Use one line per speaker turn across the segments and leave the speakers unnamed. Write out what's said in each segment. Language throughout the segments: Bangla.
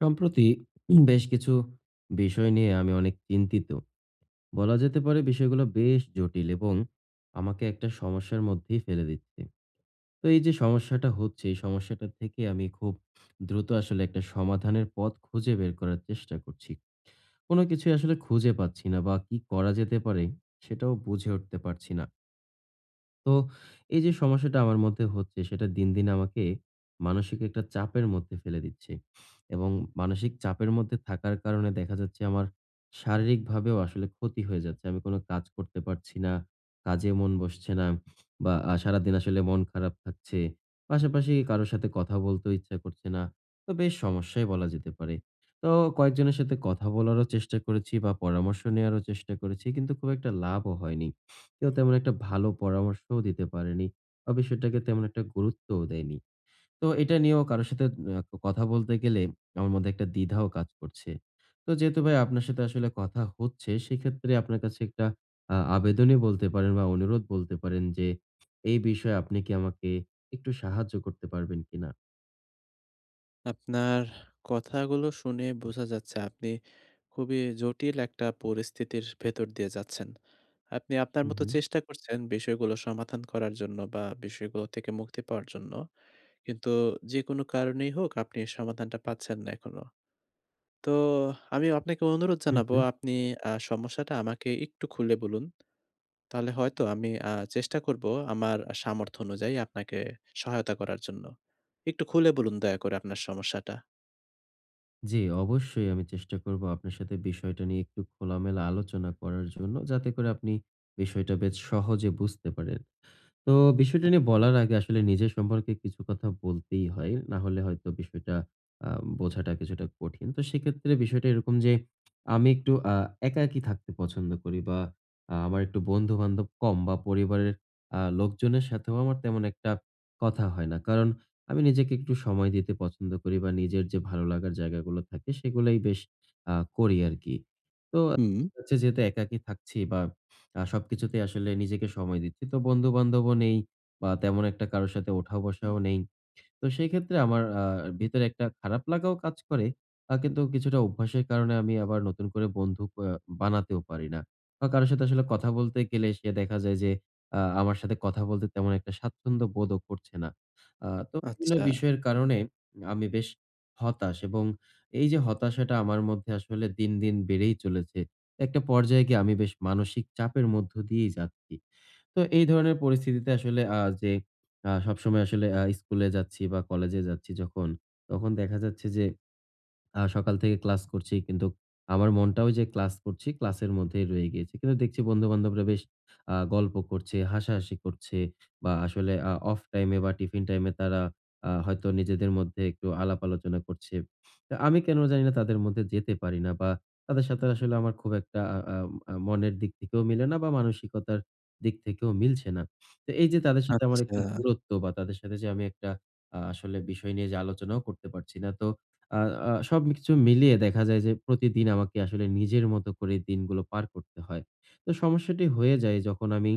সম্প্রতি বেশ কিছু বিষয় নিয়ে আমি অনেক চিন্তিত। বলা যেতে পারে বিষয়গুলা বেশ জটিল এবং আমাকে একটা সমস্যার মধ্যেই ফেলে দিচ্ছে। তো এই যে সমস্যাটা হচ্ছে এই সমস্যাটা থেকে আমি খুব দ্রুত আসলে একটা সমাধানের পথ খুঁজে বের করার চেষ্টা করছি। কোন কিছুই আসলে খুঁজে পাচ্ছি না বা কি করা যেতে পারে সেটাও বুঝে উঠতে পারছি না। তো এই যে সমস্যাটা আমার মধ্যে হচ্ছে সেটা দিন, দিন আমাকে মানসিক একটা চাপের মধ্যে ফেলে দিচ্ছে এবং মানসিক চাপের মধ্যে থাকার কারণে দেখা যাচ্ছে আমার শারীরিকভাবেও আসলে ক্ষতি হয়ে যাচ্ছে। আমি কোন কাজ করতে পারছি না। কাজে মন বসছে না বা আ সারাদিন আসলে মন খারাপ থাকছে। পাশাপাশি কারো সাথে কথা বলতেও ইচ্ছা করছে না। তো বেশ সমস্যাই বলা যেতে পারে। তো কয়েকজনের সাথে কথা বলারও চেষ্টা করেছি বা পরামর্শ নেয়ারও চেষ্টা করেছি কিন্তু খুব একটা লাভও হয়নি। কেউ তেমন একটা ভালো পরামর্শও দিতে পারেনি বা বিষয়টাকে তেমন একটা গুরুত্বও দেয়নি। তো এটা নিয়েও কারো সাথে আ কথা বলতে গেলে আমার মধ্যে একটা দ্বিধাও কাজ করছে। তো যেহেতু ভাই আপনার সাথে আসলে কথা হচ্ছে সেক্ষেত্রে আপনার কাছে একটা আ আবেদনই বলতে পারেন বা অনুরোধ বলতে পারেন যে এই বিষয়ে আপনি কি আমাকে একটু সাহায্য করতে পারবেন কিনা?
আপনার কথাগুলো শুনে বোঝা যাচ্ছে। আপনি খুবই জটিল একটা পরিস্থিতির ভেতর দিয়ে যাচ্ছেন। আপনি আপনার
হুম,
মতো
হুম।
চেষ্টা করছেন বিষয়গুলো সমাধান করার জন্য বা বিষয়গুলো থেকে মুক্তি পাওয়ার জন্য। কিন্তু যেকোনো কারণেই হোক আপনি এ সমাধানটা পাচ্ছেন না এখনো। তো আমিও আপনাকে অনুরোধ
হুম,
জানাবো
হুম।
আপনি আ সমস্যাটা আমাকে একটু খুলে বলুন। তাহলে হয়তো আমি আ চেষ্টা করবো আমার সামর্থ্য অনুযায়ী আপনাকে সহায়তা করার জন্য। একটু খুলে বলুন দয়া করে আপনার সমস্যাটা।
জ্বি, অবশ্যই। আমি চেষ্টা করবো আপনার সাথে বিষয়টা নিয়ে একটু খোলামেলা আলোচনা করার জন্য, যাতে করে আপনি বিষয়টা বেশ সহজে বুঝতে পারেন। তো বিষয়টা নিয়ে বলার আগে আসলে নিজের সম্পর্কে কিছু কথা বলতেই হয়। না হলে হয়তো বিষয়টা আ বোঝাটা কিছুটা কঠিন। তো সেক্ষেত্রে বিষয়টা এরকম যে আমি একটু আ একাকী থাকতে পছন্দ করি বা আ আমার একটু বন্ধু-বান্ধব কম বা পরিবারের আ লোকজনের সাথেও আমার তেমন একটা কথা হয় না। কারণ আমি নিজেকে একটু সময় দিতে পছন্দ করি বা নিজের যে ভালো লাগার জায়গাগুলো থাকে সেগুলোই বেশ আ করি আরকি। তো
হুম।
হচ্ছে যেহেতু একাকী থাকছি বা আ সবকিছুতেই আসলে নিজেকে সময় দিচ্ছি। তো বন্ধু-বান্ধবও নেই বা তেমন একটা কারো সাথে ওঠা-বসাও নেই। তো সেই ক্ষেত্রে আমার আ ভিতরে একটা খারাপ লাগাও কাজ করে। আ কিন্তু কিছুটা অভ্যাসের কারণে আমি আবার নতুন করে বন্ধু আ বানাতেও পারি না। বা কারো সাথে আসলে কথা বলতে গেলে সে দেখা যায় যে আ আমার সাথে কথা বলতে তেমন একটা স্বাচ্ছন্দ্য বোধও করছে না। আ তো বিভিন্ন
আচ্ছা।
বিষয়ের কারণে আমি বেশ হতাশ এবং এইযে হতাশাটা আমার মধ্যে আসলে দিন, দিন বেড়েই চলেছে। একটা পর্যায়ে গিয়ে আমি বেশ মানসিক চাপের মধ্য দিয়েই যাচ্ছি। তো এই ধরনের পরিস্থিতিতে আসলে আ যে আ সবসময় আসলে আ স্কুলে যাচ্ছি বা কলেজে যাচ্ছি যখন, তখন দেখা যাচ্ছে যে আ সকাল থেকে ক্লাস করছি। কিন্তুক আমার মনটাও ওইযে ক্লাস করছি ক্লাসের মধ্যেই রয়ে গিয়েছে। কিন্তু দেখছি বন্ধু-বান্ধবরা বেশ আ গল্প করছে, হাসাহাসি করছে বা আসলে আ অফ টাইমে বা টিফিন টাইমে তারা আ হয়তো নিজেদের মধ্যে একটু আলাপ-আলোচনা করছে। আমি কেন জানিনা তাদের মধ্যে যেতে পারি না বা তাদের সাথে আসলে আমার খুব একটা আ আ আ মনের দিক থেকেও মিলে না বা মানসিকতার দিক থেকেও মিলছে না। তো এইযে তাদের সাথে আমার একটু
আচ্ছা।
দূরত্ব বা তাদের সাথে যে আমি একটা আ আসলে বিষয় নিয়ে যে আলোচনাও করতে পারছি না। তো আ আ সবকিছু মিলিয়ে দেখা যায় যে প্রতিদিন আমাকে আসলে নিজের মতো করেই দিনগুলো পার করতে হয়। তো সমস্যাটি হয়ে যায় যখন আমি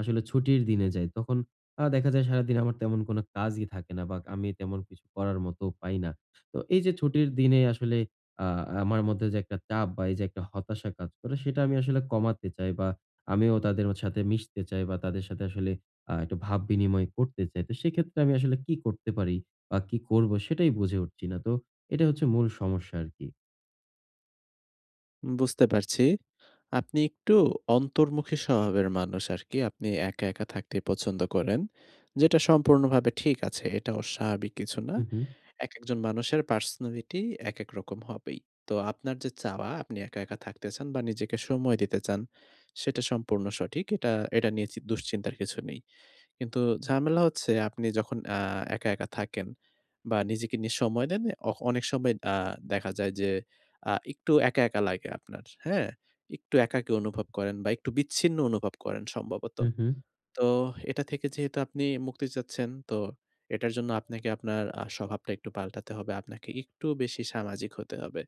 আসলে ছুটির দিনে যাই তখন আ দেখা যায় সারাদিন আমার তেমন কোনো কাজই থাকে না বা আমি তেমন কিছু করার মতোও পাই না। তো এই যে ছুটির দিনে আসলে আ আমার মধ্যে যে একটা চাপ বা এই যে একটা হতাশা কাজ করে সেটা আমি আসলে কমাতে চাই বা আমিও তাদের সাথে মিশতে চাই বা তাদের সাথে আসলে আ একটু ভাব বিনিময় করতে চাই। তো সেক্ষেত্রে আমি আসলে কি করতে পারি? বা কি করবো? সেটাই বুঝে উঠছি না। তো এটাই হচ্ছে মূল সমস্যা আরকি।
বুঝতে পারছি। আপনি একটু অন্তর্মুখী স্বভাবের মানুষ আরকি। আপনি একা, একা থাকতে পছন্দ করেন। যেটা সম্পূর্ণভাবে ঠিক আছে। এটা অস্বাভাবিক কিছু না।
হুম, হুম।
একেকজন মানুষের পার্সোনালিটি একেক রকম হবেই। তো আপনার যে চাওয়া আপনি একা, একা থাকতে চান বা নিজেকে সময় দিতে চান সেটা সম্পূর্ণ সঠিক। এটা এটা নিয়ে চি দুশ্চিন্তার কিছু নেই। কিন্তু ঝামেলা হচ্ছে আপনি যখন আ একা, একা থাকেন বা নিজেকে নিয়ে সময় দেন। অ অনেক সময় আ দেখা যায় যে আ একটু একা, একা লাগে আপনার। হ্যাঁ? একটু একাকী অনুভব করেন বা একটু বিচ্ছিন্ন অনুভব করেন সম্ভবত।
হুম, হুম।
তো এটা থেকে যেহেতু আপনি মুক্তি চাচ্ছেন। তো এটার জন্য আপনাকে আপনার আ স্বভাবটা একটু পাল্টাতে হবে। আপনাকে একটু বেশি সামাজিক হতে হবে।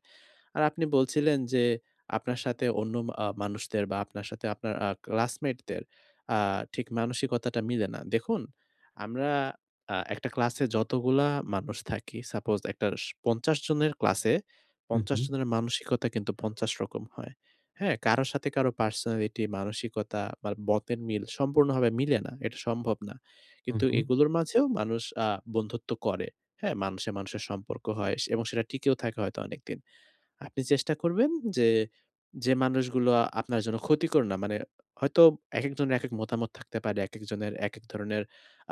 আর আপনি বলছিলেন যে আপনার সাথে অন্য ম আ মানুষদের বা আপনার সাথে আপনার আ ক্লাসমেটদের আ ঠিক মানসিকতাটা মিলে না। দেখুন আমরা আ একটা ক্লাসে যতগুলা মানুষ থাকি, সাপোজ একটা স ৫০ জনের ক্লাসে
হুম,
৫০
হুম।
জনের মানসিকতা কিন্তু ৫০ রকম হয়। হ্যাঁ? কারো সাথে কারো পার্সোনালিটি, মানসিকতা বা মতের মিল সম্পূর্ণভাবে মিলে না। এটা সম্ভব না।
হু,
কিন্তু
হু।
এগুলোর মাঝেও মানুষ আ বন্ধুত্ব করে। হ্যাঁ মানুষে মানুষের সম্পর্ক হয় স এবং সেটা টিকেও থাকে হয়তো অনেকদিন। আপনি চেষ্টা করবেন যে, যে মানুষগুলো আপনার জন্য ক্ষতিকর না, মানে হয়তো একেকজনের একেক মতামত থাকতে পারে, একেকজনের একেক ধরণের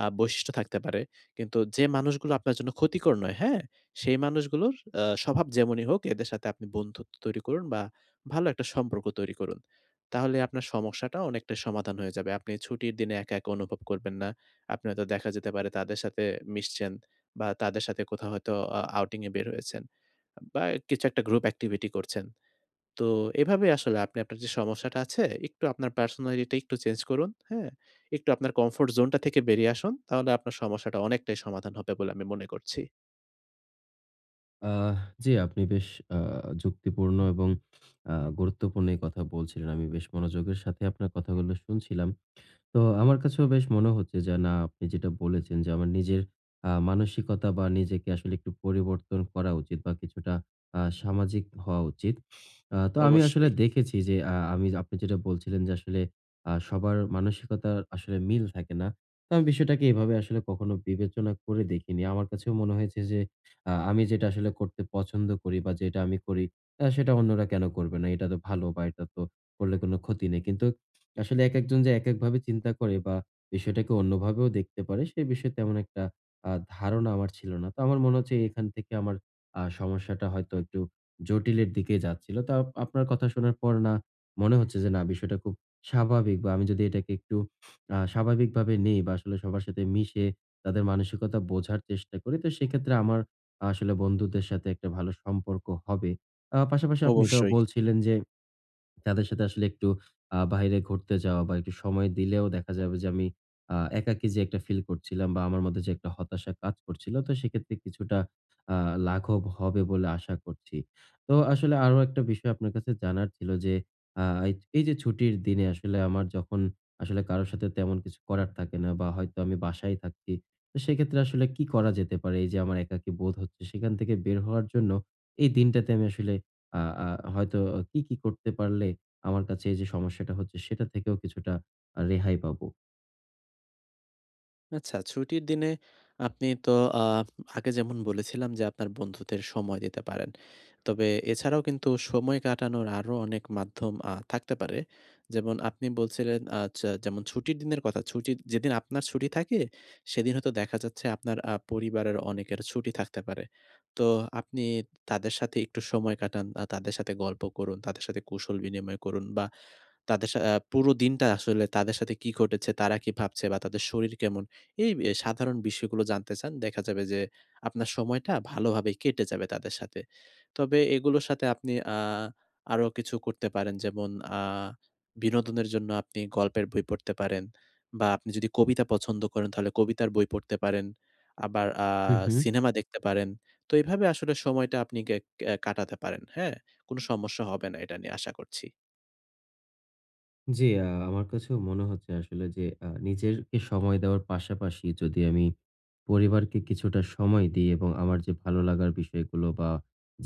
আ বৈশিষ্ট্য থাকতে পারে। কিন্তু যে মানুষগুলো আপনার জন্য ক্ষতিকর নয়, হ্যাঁ? সেই মানুষগুলোর আ স্বভাব যেমনই হোক এদের সাথে আপনি বন্ধুত্ব তৈরি করুন বা ভালো একটা সম্পর্ক তৈরি করুন। তাহলে আপনার সমস্যাটা অনেকটাই সমাধান হয়ে যাবে। আপনি ছুটির দিনে একা, একা অনুভব করবেন না। আপনি হয়তো দেখা যেতে পারে তাদের সাথে মিশছেন বা তাদের সাথে কোথাও হয়তো অ আউটিং এ বের হয়েছেন বা কিছু একটা গ্রুপ activity করছেন। তো এভাবে আসলে আপনি আপনার যে সমস্যাটা আছে, একটু আপনার পার্সোনালিটি একটু চেঞ্জ করুন। হ্যাঁ? একটু আপনার কমফোর্ট জোন টা থেকে বেরিয়ে আসুন। তাহলে আপনার সমস্যাটা অনেকটাই সমাধান হবে বলে আমি মনে করছি।
আহ! জি আপনি বেশ আ যুক্তিপূর্ণ এবং আ গুরুত্বপূর্ণ এই কথা বলছিলেন। আমি বেশ মনোযোগের সাথে আপনার কথাগুলো শুনছিলাম। তো আমার কাছেও বেশ মনে হচ্ছে যে, না, আপনি যেটা বলেছেন যে আমার নিজের আ মানসিকতা বা নিজেকে আসলে একটু পরিবর্তন করা উচিত বা কিছুটা আ সামাজিক হওয়া উচিত। আ তো আমি আসলে
অবশ্যই।
দেখেছি যে আ আমি আপনি যেটা বলছিলেন যে আসলে আ সবার মানসিকতার আসলে মিল থাকে না। তো আমি বিষয়টাকে এভাবে আসলে কখনো বিবেচনা করে দেখিনি। আমার কাছে মনে হয়েছে যে আ আমি যেটা আসলে করতে পছন্দ করি বা যেটা আমি করি আ সেটা অন্যরা কেনো করবে না? এটা তো ভালো বা এটা তো করলে কোনো ক্ষতি নেই। কিন্তু আসলে একেকজন যে একেকভাবে চিন্তা করে বা বিষয়টাকে অন্যভাবেও দেখতে পারে সে বিষয়ে তেমন একটা আ ধারণা আমার ছিল না। তো আমার মনে হচ্ছে এখান থেকে আমার আ সমস্যাটা হয়তো একটু জটিলের দিকে যাচ্ছিলো। তার আপনার কথা শোনার পর না মনে হচ্ছে যে, না, বিষয়টা খুব স্বাভাবিক বা আমি যদি এটাকে একটু আ স্বাভাবিকভাবে নেই বা আসলে সবার সাথে মিশে তাদের মানসিকতা বোঝার চেষ্টা করি, তো সেক্ষেত্রে আমার আসলে বন্ধুদের সাথে একটা ভালো সম্পর্ক হবে। আ পাশাপাশি আপনি এটাও
অবশ্যই।
বলছিলেন যে, তাদের সাথে আসলে একটু আ বাহিরে ঘুরতে যাওয়া বা একটু সময় দিলেও দেখা যাবে যে আমি আ একাকী যে একটা ফিল করছিলাম বা আমার মধ্যে যে একটা হতাশা কাজ করছিলো তো সেক্ষেত্রে কিছুটা আ লাঘব হবে বলে আশা করছি। তো আসলে আরো একটা বিষয় আপনার কাছে জানার ছিল যে, আ এইযে এইযে ছুটির দিনে আসলে আমার যখন আসলে কারো সাথে তেমন কিছু করার থাকে না বা হয়তো আমি বাসায় থাকছি, তো সেক্ষেত্রে আসলে কি করা যেতে পারে? এই যে আমার একাকী বোধ হচ্ছে সেখান থেকে বের হওয়ার জন্য এই দিনটাতে আমি আসলে আ আ হয়তো কি, কি করতে পারলে আমার কাছে এইযে সমস্যাটা হচ্ছে সেটার থেকেও কিছুটা আ রেহাই পাবো?
আচ্ছা, ছুটির দিনে আপনি তো আফ আগে যেমন বলেছিলাম যে, আপনার বন্ধুদের সময় দিতে পারেন। তবে এছাড়াও কিন্তু সময় কাটানোর আরো অনেক মাধ্যম আ থাকতে পারে। যেমন আপনি বলছিলেন আচ্ছা যেমন, ছুটির দিনের কথা, ছুটির যেদিন আপনার ছুটি থাকে সেদিন হয়তো দেখা যাচ্ছে আপনার আ পরিবারের অনেকের ছুটি থাকতে পারে। তো আপনি তাদের সাথে একটু সময় কাটান বা তাদের সাথে গল্প করুন, তাদের সাথে কুশল বিনিময় করুন বা তাদের সা অ্যা পুরো দিনটা আসলে তাদের সাথে কি ঘটেছে, তারা কি ভাবছে বা তাদের শরীর কেমন? এই বে সাধারণ বিষয়গুলো জানতে চান। দেখা যাবে যে আপনার সময়টা ভালোভাবেই কেটে যাবে তাদের সাথে। তবে এগুলোর সাথে আপনি আ আরো কিছু করতে পারেন। যেমন আ বিনোদনের জন্য আপনি গল্পের বই পড়তে পারেন। বা আপনি যদি কবিতা পছন্দ করেন তাহলে কবিতার বই পড়তে পারেন। আবার আ
হু, হু।
সিনেমা দেখতে পারেন। তো এভাবে আসলে সময়টা আপনি কে এ্যা কাটাতে পারেন, হ্যাঁ? কোনো সমস্যা হবে না এটা নিয়ে আশা করছি।
জ্বী। আমার কাছেও মনে হচ্ছে আসলে যে আ নিজের কে সময় দেওয়ার পাশাপাশি যদি আমি পরিবারকে কিছুটা সময় দিই। এবং আমার যে ভালো লাগার বিষয়গুলো বা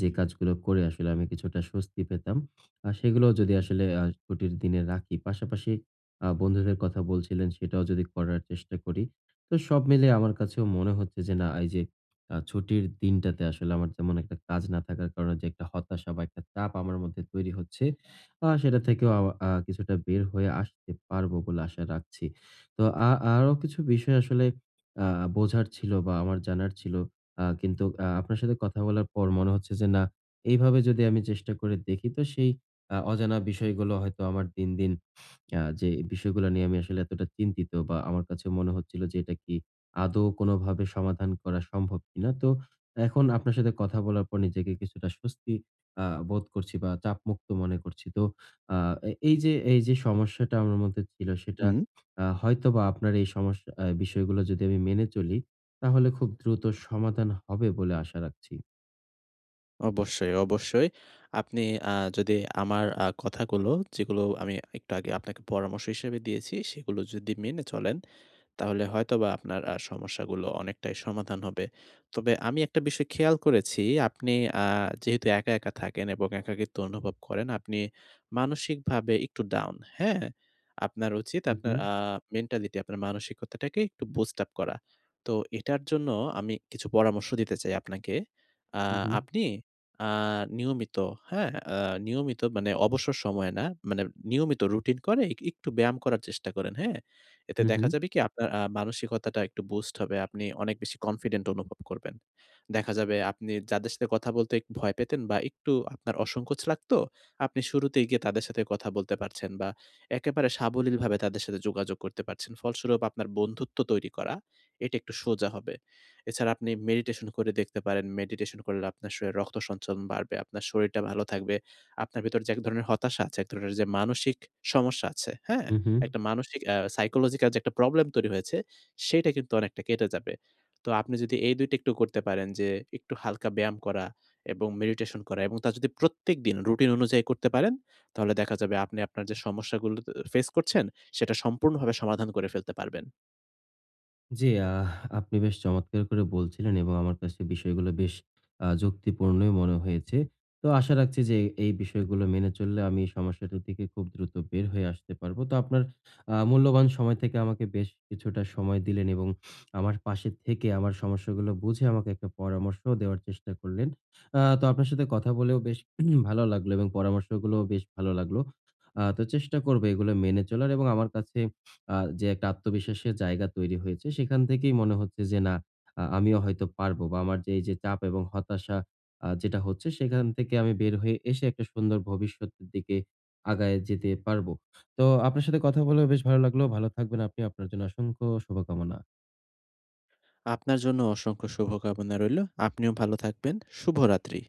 যে কাজগুলো করে আসলে আমি কিছুটা স্বস্তি পেতাম। আ সেগুলোও যদি আসলে আ ছুটির দিনে রাখি, পাশাপাশি আ বন্ধুদের কথা বলছিলেন সেটাও যদি করার চেষ্টা করি। তো সব মিলিয়ে আমার কাছেও মনে হচ্ছে যে, না, এই যে আ ছুটির দিনটাতে আসলে আমার যেমন একটা কাজ না থাকার কারণে যে একটা হতাশা বা একটা চাপ আমার মধ্যে তৈরি হচ্ছে। আ সেটা থেকেও আমা আ কিছুটা বের হয়ে আসতে পারবো বলে আশা রাখছি। তো আ আরো কিছু বিষয় আসলে আ বোঝার ছিল বা আমার জানার ছিল। আ কিন্তু আ আপনার সাথে কথা বলার পর মনে হচ্ছে যে, না, এইভাবে যদি আমি চেষ্টা করে দেখি তো সেই আ অজানা বিষয়গুলো হয়তো আমার দিন, দিন আ যে বিষয়গুলা নিয়ে আমি আসলে এতটা চিন্তিত বা আমার কাছে মনে হচ্ছিলো যে এটা কি আদৌ কোনোভাবে সমাধান করা সম্ভব কিনা? তো এখন আপনার সাথে কথা বলার পর নিজেকে কিছুটা স্বস্তি আ বোধ করছি বা চাপমুক্ত মনে করছি। তো আ এ এইযে এইযে সমস্যাটা আমার মধ্যে ছিল সেটা
হুউম।
আ হয়তোবা আপনার এই সমস্যা আ বিষয়গুলো যদি আমি মেনে চলি তাহলে খুব দ্রুত সমাধান হবে বলে আশা রাখছি।
অবশ্যই, অবশ্যই। আপনি আ যদি আমার আ কথাগুলো যেগুলো আমি একটু আগে আপনাকে পরামর্শ হিসেবে দিয়েছি সেগুলো যদি মেনে চলেন, তাহলে হয়তোবা আপনার আ সমস্যাগুলো অনেকটাই সমাধান হবে। তবে আমি একটা বিষয় খেয়াল করেছি, আপনি আ যেহেতু একা, একা থাকেন এবং একাকিত্ব অনুভব করেন আপনি মানসিকভাবে একটু ডাউন। হ্যাঁ? আপনার উচিত
হু,
আপনার
হু।
আ মেন্টালিটি আপনার মানসিকতাটাকে একটু বুস্ট আপ করা। তো এটার জন্য আমি কিছু পরামর্শ দিতে চাই আপনাকে। আ
হু, হু।
আপনি আ নিয়মিত হ্যাঁ? আ নিয়মিত মানে অবসর সময়ে না, মানে নিয়মিত রুটিন করে এক একটু ব্যায়াম করার চেষ্টা করেন। হ্যাঁ? এতে
হু,
দেখা
হু।
যাবে কি? আপনার আ মানসিকতাটা একটু বুস্ট হবে। আপনি অনেক বেশি কনফিডেন্ট অনুভব করবেন। দেখা যাবে আপনি যাদের সাথে কথা বলতে ভয় পেতেন বা একটু আপনার অসংকোচ লাগতো, আপনি শুরুতেই গিয়ে তাদের সাথে কথা বলতে পারছেন বা একেবারে সাবলীলভাবে তাদের সাথে যোগাযোগ করতে পারছেন। ফলস্বরূপ আপনার বন্ধুত্ব তৈরি করা, এটা একটু সোজা হবে। এছাড়া আপনি মেডিটেশন করে দেখতে পারেন, মেডিটেশন করলে আপনার শরীরে রক্ত সঞ্চালন বাড়বে, আপনার শরীরটা ভালো থাকবে। আপনার ভেতরে যে এক ধরনের হতাশা আছে, এক ধরনের যে মানসিক সমস্যা আছে। হ্যাঁ?
হুম, হুম।
একটা মানসিক আ সাইকোলজিক্যাল যে একটা প্রবলেম তৈরি হয়েছে, সেটা কিন্তু অনেকটা কেটে যাবে। তো আপনি যদি এই ২ টা একটু করতে পারেন যে একটু হালকা ব্যায়াম করা এবং মেডিটেশন করা এবং তা যদি প্রত্যেকদিন রুটিন অনুযায়ী করতে পারেন, তাহলে দেখা যাবে আপনি আপনার যে সমস্যাগুলো ফেস করছেন সেটা সম্পূর্ণভাবে সমাধান করে ফেলতে পারবেন।
জ্বি। আহ! আপনি বেশ চমৎকার করে বলছিলেন এবং আমার কাছে বিষয়গুলো বেশ আ যুক্তিপূর্ণই মনে হয়েছে। তো আশা রাখছি যে এ এই বিষয়গুলো মেনে চললে আমি এই সমস্যাটা থেকে খুব দ্রুত বের হয়ে আসতে পারবো। তো আপনার আ মূল্যবান সময় থেকে আমাকে বেশ কিছুটা সময় দিলেন এবং আমার পাশে থেকে আমার সমস্যাগুলো বুঝে আমাকে একটা পরামর্শও দেওয়ার চেষ্টা করলেন। আ তো আপনার সাথে কথা বলেও বেশ ভালো লাগলো। এবং পরামর্শগুলোও বেশ ভালো লাগলো। আ তো চেষ্টা করবো এগুলো মেনে চলার এবং আমার কাছে আ যে একটা আত্মবিশ্বাসের জায়গা তৈরি হয়েছে, সেখান থেকেই মনে হচ্ছে যে না, আ আমিও হয়তো পারবো বা আমার যে এইযে চাপ এবং হতাশা আ যেটা হচ্ছে, সেখান থেকে আমি বের হয়ে এসে একটা সুন্দর ভবিষ্যতের দিকে আগায় যেতে পারবো। তো আপনার সাথে কথা বলেও বেশ ভালো লাগলো। ভালো থাকবেন আপনি। আপনার জন্য অসংখ্য শুভকামনা।
আপনার জন্য অসংখ্য শুভ কামনা রইলো। আপনিও ভালো থাকবেন। শুভরাত্রি।